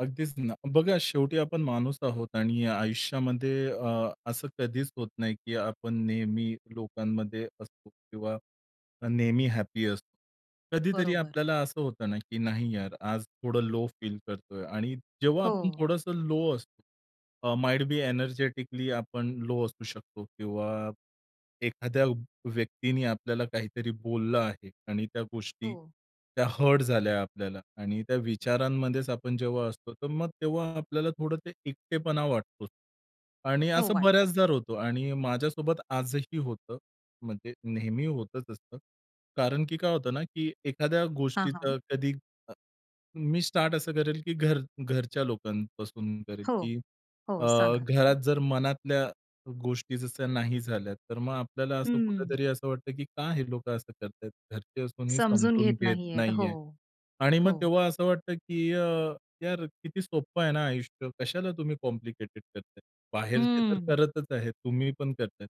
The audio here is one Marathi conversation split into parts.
अगदीच ना. बघा शेवटी आपण माणूस आहोत आणि आयुष्यामध्ये अ, असं कधीच होत नाही की आपण नेहमी लोकांमध्ये असतो किंवा नेहमी हॅपी असतो. कधीतरी बरोबर. आपल्याला असं होतं ना की नाही यार आज थोडं लो फील करतोय आणि जेव्हा आपण हो. थोडंसं लो असतो, अ, माईट बी एनर्जेटिकली आपण लो असू शकतो किंवा एखाद्या व व्यक्तीने आपल्याला काहीतरी बोललं आहे आणि त्या गोष्टी, हो. त्या हर्ट झाल्या आपल्याला आणि त्या विचारांमध्येच आपण जेव्हा असतो, तर मग तेव्हा आपल्याला थोडं ते एकटेपणा वाटतो. आणि हो, असं वाटतं. बऱ्याचदा होतं आणि माझ्यासोबत आजही होतं, म्हणजे नेहमी होतच असतं, कारण की काय होतं ना की एखाद्या हां, गोष्टीचा हां. कधी अ, मी स्टार्ट असं करेल की घर घरच्या लोकांपासून करेल हो. की अ, हो सांगा. घरात जर मनातल्या गोष्टी जशा नाही झाल्या, तर मग आपल्याला असं हंम्म. कुठेतरी असं वाटतं की "का हे लोकं असं करतायत. घरचे असूनही समजून समजून घेत घेत नाहीयेत. हो. नाहीये." आणि मग हो. तेव्हा असं वाटतं की अ, यार किती सोप्पं आहे ना आयुष्य, कशाला तुम्ही कॉम्प्लिकेटेड करताय. बाहेरचे तर हम्म. करतच आहे, तुम्ही पण करताय.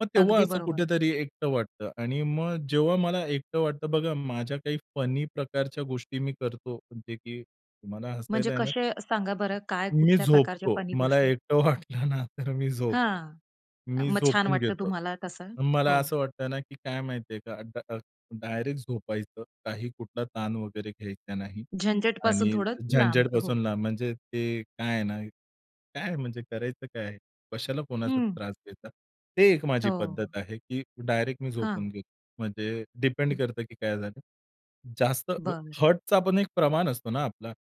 मग तेव्हा अगदी असं बरोबर. कुठेतरी एकटं वाटतं आणि मग जेव्हा मला एकटं वाटतं बघा माझ्या काही फनी प्रकारच्या गोष्टी मी करतो म्हणजे की तुम्हाला म्हणजे हसायला येणार. कसे, सांगा बरं काय, मी कुठल्या प्रकारच्या झोपतो. फनी मला गोष्टी? एकटं वाटलं ना तर मी झोपतो. हां, मी मग छान झोपून वाटतं घेतो. तुम्हाला तसं? मला हो. असं वाटतं ना की काय माहिती आहे का, अ, ड अ, डायरेक्ट झोपायचं. काही कुठला ताण वगैरे घ्यायचा नाही झंझटपासून आणि थोडं, लांब. हो. झंझटपासून लांब म्हणजे ते काय आहे ना, काय म्हणजे करायचं काय आहे? कशाला कोणाचा हं. त्रास घेता. ते एक माझी हो. पद्धत आहे, की डायरेक्ट मी हां. झोपून घेतो म्हणजे डिपेंड हं. करतं की काय झालं. जास्त अ, बरं. हर्टचा पण एक प्रमाण असतो ना आपला.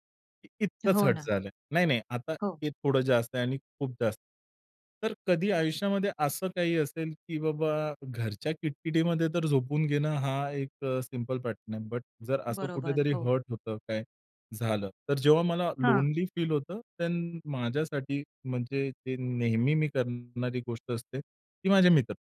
इतकंच हो हर्ट ना. झालं, नाही-नाही आता हो. हे थोडं जास्त आहे आणि खूप जास्त. तर कधी आयुष्यामध्ये असं काही असेल की बाबा, घरच्या किटकिटीमध्ये तर झोपून घेणं हा एक अ, सिंपल पॅटर्न आहे बट जर असं बरोबर, कुठेतरी हो. हर्ट होतं, काय झालं, तर जेव्हा मला हां. लोनली फील होतं देन माझ्यासाठी म्हणजे ते नेहमी मी करणारी गोष्ट असते, ती माझे मित्र.